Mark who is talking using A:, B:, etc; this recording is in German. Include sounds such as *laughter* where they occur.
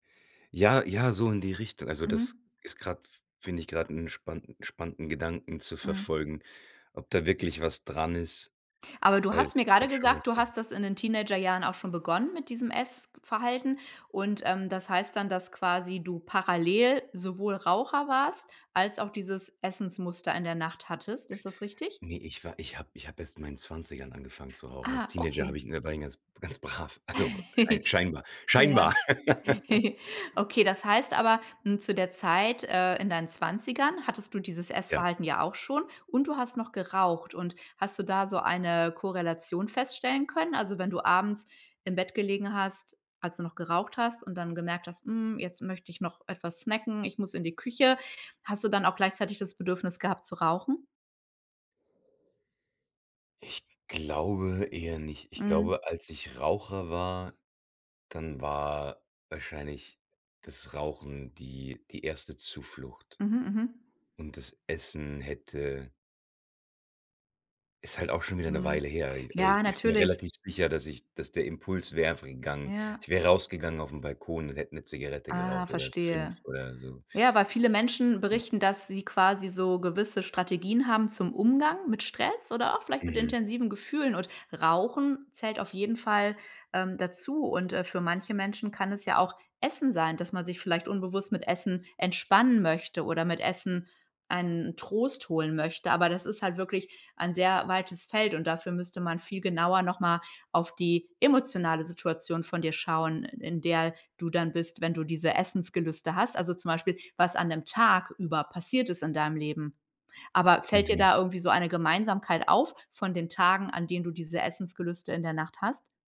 A: Ja, ja, so in die Richtung. Also das
B: Mhm.
A: ist grad f finde ich grad 'n spann spannenden Gedanken zu
B: Mhm.
A: verfolgen, ob da wirklich was dran ist,
B: Aber du
A: weil
B: hast mir
A: es
B: gerade
A: hat schon was
B: gesagt, du
A: von
B: hast das in den Teenagerjahren auch schon begonnen mit diesem Essverhalten. Und, ähm, das heißt dann, dass quasi du parallel sowohl Raucher warst als auch dieses Essensmuster in der Nacht hattest. Ist das richtig?
A: Ne, ich war ich hab ich hab erst in meinen 20ern angefangen zu rauchen. Als
B: Ah,
A: Teenager
B: okay.
A: hab ich ne, war ich ganz ganz brav. Also, schein
B: *giggles*
A: scheinbar.
B: Ja.
A: Scheinbar. *laughs*
B: *giggles* Okay, das heißt aber, hm, zu der Zeit, äh, in deinen 20ern hattest du dieses
A: Ja.
B: Essverhalten ja auch schon und du hast noch geraucht. Und, hast du da so eine Korrelation feststellen können? Also, wenn du abends im Bett gelegen hast, als du noch geraucht hast und dann gemerkt hast: „Hm, jetzt möcht ich noch etwas snacken, ich muss in die Küche", hast du dann auch gleichzeitig das Bedürfnis gehabt zu rauchen?
A: Ich glaube eher nicht. Ich
B: Mhm.
A: glaube, als ich Raucher war, dann war wahrscheinlich das Rauchen die die erste Zuflucht.
B: Mhm. Mhm.
A: Und das Essen hätte ist halt auch schon wieder 'ne
B: Mhm.
A: Weile her. Ai aber ich
B: Ja,
A: ich bin mir
B: natürlich.
A: relativ sicher, dass ich dass der Impuls wäre einfach gegangen.
B: Ja.
A: Ich wäre rausgegangen auf 'n Balkon und hätte 'ne Zigarette
B: Ah,
A: geraucht oder 5
B: verstehe.
A: oder so.
B: Ja, weil viele Menschen berichten, dass sie quasi so gewisse Strategien haben zum Umgang mit Stress oder auch vielleicht mit
A: Mhm.
B: intensiven Gefühlen. Und Rauchen zählt auf jeden Fall, ähm, dazu. Und, äh, für manche Menschen kann es ja auch Essen sein, dass man sich vielleicht unbewusst mit Essen entspannen möchte oder mit Essen einen Trost holen möchte. Aber das ist halt wirklich ein sehr weites Feld und dafür müsste man viel genauer noch mal auf die emotionale Situation von dir schauen, i in der du dann bist, wenn du diese Essensgelüste hast. Also, zum Beispiel, was an dem Tag über passiert ist in deinem Leben. Aber, fällt dir
A: Mhm.
B: da irgendwie so eine Gemeinsamkeit auf von den Tagen, an denen du diese Essensgelüste in der Nacht hast?